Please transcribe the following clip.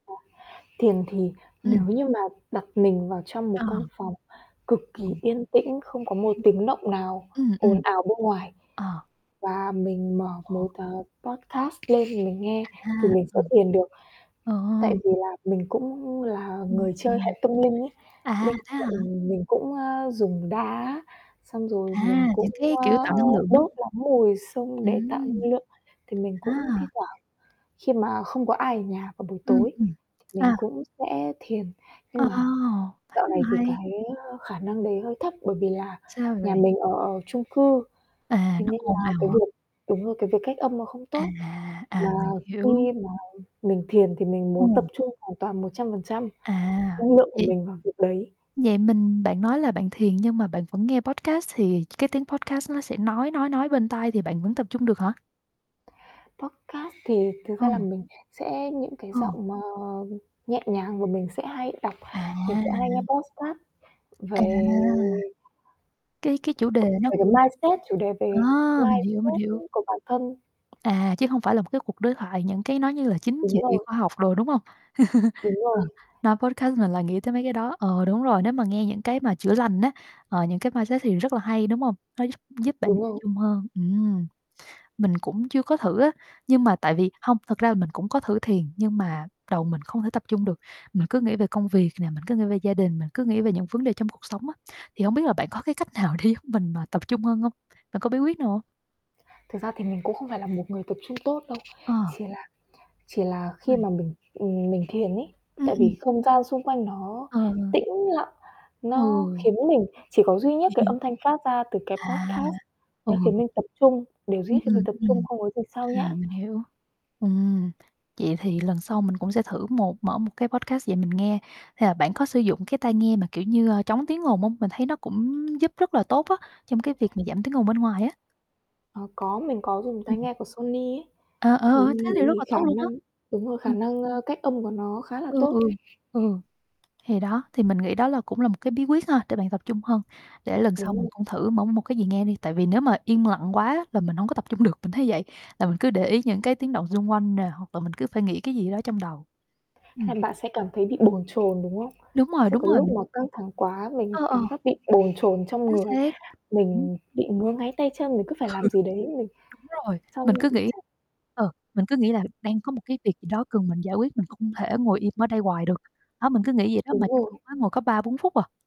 À, thiền thì nếu Ừm. như mà đặt mình vào trong một Ờ. căn phòng cực kỳ Ừm. yên tĩnh, không có một [unintelligible] tiếng động nào Ừm, ồn ừm. ào bên ngoài Ờ. và mình mở Ờ. một, à, podcast lên thì mình nghe, thì À. mình sẽ Ừm. thiền được. Ồ! Tại vì là mình cũng là Ừm. người chơi Ừm. hệ tâm linh ấy, À, bên thế hả? cạnh mình cũng, a, dùng đá, xong rồi mình À, cũng, những cái a, kiểu tạo năng lượng, đúng đốt lắm mùi xông để tạo Ừm. năng lượng. Thì mình À! cũng thi thoảng khi mà không có ai ở nhà vào buổi Ừm, tối ừm. thì mình À. cũng sẽ thiền. Ờ, Nhưng mà thấy dạo này mà thì hay. cái, ơ, khả năng đấy hơi thấp, bởi vì là Sao nhà vậy? mình ở chung cư, À, thế nó nên ồn là ào cái à? việc đúng rồi, cái việc cách âm nó không À, tốt, à, mà mình hiểu. khi mà mình thiền thì mình muốn tập Ừm. trung hoàn toàn 100% À, năng lượng của vậy mình vào việc đấy. vậy mình bạn nói là bạn thiền nhưng mà bạn vẫn nghe podcast, thì cái tiếng podcast nó sẽ nói, nói, nói bên tai thì bạn vẫn tập trung được hả? Podcast thì thực ra là Ừ. mình sẽ những cái Ừ. giọng mà nhẹ nhàng và mình sẽ hay đọc mình sẽ hay nghe À! podcast À! về Cái cái chủ [unintelligible] đề với nó cái cũng mindset chủ đề à, về mình hiểu, mình mindset hiểu. [unintelligible] của bản thân. À, chứ hông phải là một cái cuộc đối thoại, những cái nó như là chính Đúng trị, rồi. khoa học đồ, đúng hông? Đúng Ờ. rồi. Nói podcast mình lại nghĩ tới mấy cái đó. Ờ, đúng rồi, nếu mà nghe những cái mà chữa lành á, ờ, những cái mindset thì rất là hay, đúng hông? Nó giúp giúp bạn Đúng tập rồi. trung hơn. Ừm. Mình cũng chưa có thử á, nhưng mà tại vì hông, thật ra là mình cũng có thử thiền, nhưng mà đầu mình không thể tập trung được, mình cứ nghĩ về công việc nè, mình cứ nghĩ về gia đình, mình cứ nghĩ về những vấn đề trong cuộc sống á. Thì hông biết là bạn có cái cách nào để giúp mình mà tập trung hơn hông? Bạn có bí quyết nào hông? Thực ra thì mình cũng không phải là một người tập trung tốt đâu. Ờ. Chỉ là chỉ là khi Ôi! mà mình, ừm, mình thiền ấy, Ừm, tại ừm. vì không gian xung quanh nó Ờ, ờ. tĩnh lặng, nó Ừ. khiến mình chỉ có duy nhất cái âm thanh phát ra từ cái À. podcast, Ừ. nó khiến mình tập trung, điều duy Ừm, nhất khiến mình ừm, tập trung, ừm. không có gì xao À, nhãng. mình hiểu. Ừm. Vậy thì lần sau mình cũng sẽ thử một mở một cái podcast về mình nghe. Hay là bạn có sử dụng cái tai nghe mà, kiểu như, ơ, chống tiếng ồn hông? Mình thấy nó cũng giúp rất là tốt á, trong cái việc mà giảm tiếng ồn bên ngoài á. Ờ, có, mình có dùng Ừm. tai nghe của Sony ấy, Ờ, thì ờ, thế thì rất là khả tốt luôn á. năng đúng rồi, Ờ. khả năng, ơ, cách âm của nó khá là Ừ, tốt. ừ. Ừ. Thì đó, thì mình nghĩ đó là cũng là một cái bí quyết ha, để bạn tập trung hơn. Để lần sau Đúng mình rồi. cũng thử mở một cái gì nghe đi, tại vì nếu mà yên lặng quá là mình hổng có tập trung được, mình thấy vậy, là mình cứ để ý những cái tiếng động xung quanh nè, hoặc là mình cứ phải nghĩ cái gì đó trong đầu. Ừm. Hay bạn sẽ cảm thấy bị bồn chồn, đúng không? Đúng rồi, Sẽ đúng có lúc rồi. mà căng thẳng quá, mình Ờ, ờ. cảm giác bị bồn chồn trong Chính người, xác. mình [unintelligible] bị ngứa ngáy tay chân, mình cứ phải Ừ. làm gì đấy, mình Đúng rồi. Mình xong cứ nghĩ chắc ờ, mình cứ nghĩ là đang có một cái việc gì đó cần mình giải quyết, mình không thể ngồi im ở đây hoài được. Đó, mình cứ nghĩ vậy đó, Đúng mà trong khi rồi. đó ngồi có 3, 4 phút à.